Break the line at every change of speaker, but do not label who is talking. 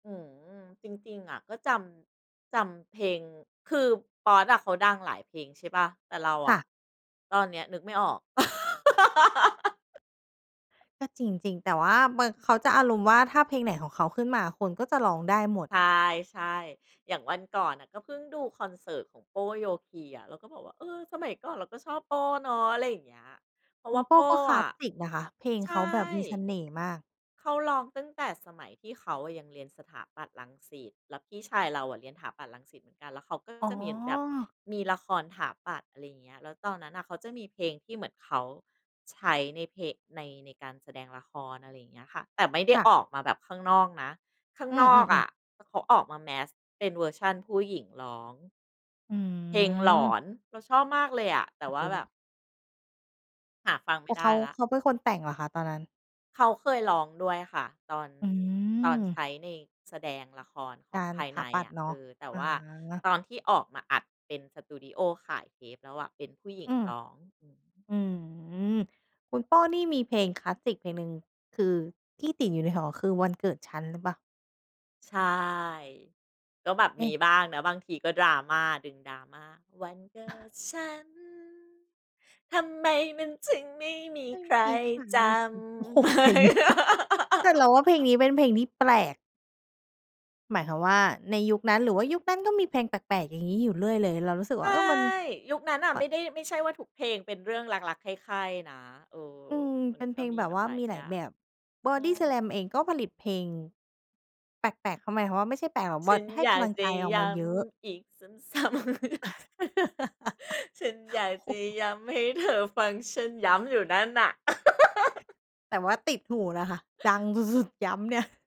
อืม จริง ๆ อะ ก็จำ จำเพลง คือป๊อดอะเขาดังหลายเพลง ใช่เปล่า แต่เรา
ค
อ
่ะ
ะตอนเนี้ยนึกไม่ออก
ก็จริง ๆ แต่ว่าบาง เขาจะอารมณ์ว่า ถ้าเพลงไหนของเขาขึ้นมาคนก็จะร้องได้หมด
ใช่ ๆ อย่างวันก่อนน่ะก็เพิ่งดูคอนเสิร์ตของโป้ โยคีอะ เราก็บอกว่า "เออ สมัยก่อนเราก็ชอบโป้เนาะ" อะไรอย่างเงี้ย เพรา
ค
ะ
ุ
ว่
ณ
า
โป
โป
้
้
ก็คล
อ
าส
ะ
สิกนะคะ เพลง
ใช
เขา
่
แบบมีเสน่ห์มาก
เขาร้องตั้งแต่สมัยที่เขายังเรียนสถาปัตย์ รังสิต แล้วพี่ชายเราอะเรียนถาปัตย์ รังสิตเหมือนกัน แล้วเขาก็
อ๋
จะมีแบบ
อ
มีละครถาปัตย์ อะไรเงี้ย แล้วตอนนั้นน่ะ เขาจะมีเพลงที่เหมือนเขาใช้ใน เพ ใน ในการแสดงละคร อะไรอย่างเงี้ยค่ะ แต่ไม่ได้
ค่
อ
ะ
อกมาแบบข้างนอกนะ ข้าง
อื
นอก
ม
อ
ๆ ๆ
ะ ถ เขาออกมาแมสเป็นเวอร์ชั่นผู้หญิงร้อง
อื
เพลงหลอ
ม
น เราชอบมากเลยอะ แต่ว่าแบบ
[unintelligible]
หาฟังไ
แ
ม
ต
่
่
ไ
เ
ด
ข
้
า
แล้
เ
ว
ขาเป็นคนแต่งเหรอคะตอนนั้น?
เขาเคยร้องด้วยค่ะ ตอน
อ
ตอนใช
ือ
้ใน แสดงละครข
ก
อง
าร
ภาย
ถ
ใน
าปัต
อ
ย
ะ
์เนา
เอ
ะ
อ แต่
อ
ว่า
า
ตอนที่ออกมาอัดเป็นสตูดีโอขายเทปแล้วอะเป็นผู้หญิ
อ
ง
ืม
ร้อง หือ อือฮึ
อืม คุณโป้นี่มีเพลงคลาสสิกเพลงหนึ่ง คือที่ติดอยู่ในหัวคือ วันเกิดฉัน หรือเปล่า?
ใช่ ก็แบบ
เอ
ม
๊
ี
ะ
บ้างนะบางทีก็ดราม่า ดึงดราม่า วันเกิดฉัน ทำไมมันถึงไม่มี
ไม่
ใคร
มีใคร
จ
อือ โอ้โฮ เพลงนี้
ำ?
แต่เราว่าเพลงนี้เป็นเพลงที่แปลก หมายความว่า ในยุคนั้น หรือว่ายุคนั้นก็มีเพลงแปลก ๆ อย่างงี้อยู่เรื่อยเลย เรารู้สึก
ใช
ว่า
่
เออ มัน
ยุคนั้นอะ
ม
ไม่ได้ ไม่ใช่ว่า ทุกเพลงเป็นเรื่องรัก ๆ ใคร่ ๆ นะ เออ
อืม
มั
เ
น
ป็นเพ
ก็
ลง
มี
แบ
แ
บ
บบ
ว่า
หลาย
มีห
อ
ล
ย
า
่
ย
า
แ
ง
บบ บอ
ใช่
ดี้สแลมเองก็ผลิตเพลงแปลก ๆ เขาหมายความว่า ไม่ใช่แปลกหรอก
ฉ
บอ
ั
ต
น
ให้
อย
ก
า
ำ
ก
ลัง
จ
ใจ
ะ
ออก
ย
มา
้
เยอะ
ำอีกซ้ำ ๆ จ ฉันอยาก
โ
จ
อ้
ะ
โฮ
ย้ำให้เธอฟังฉัน ย้ำอยู่นั่นน่ะ
แต่ว่าติดหูนะคะ ดังสุด ๆ ย้ำเนี่ย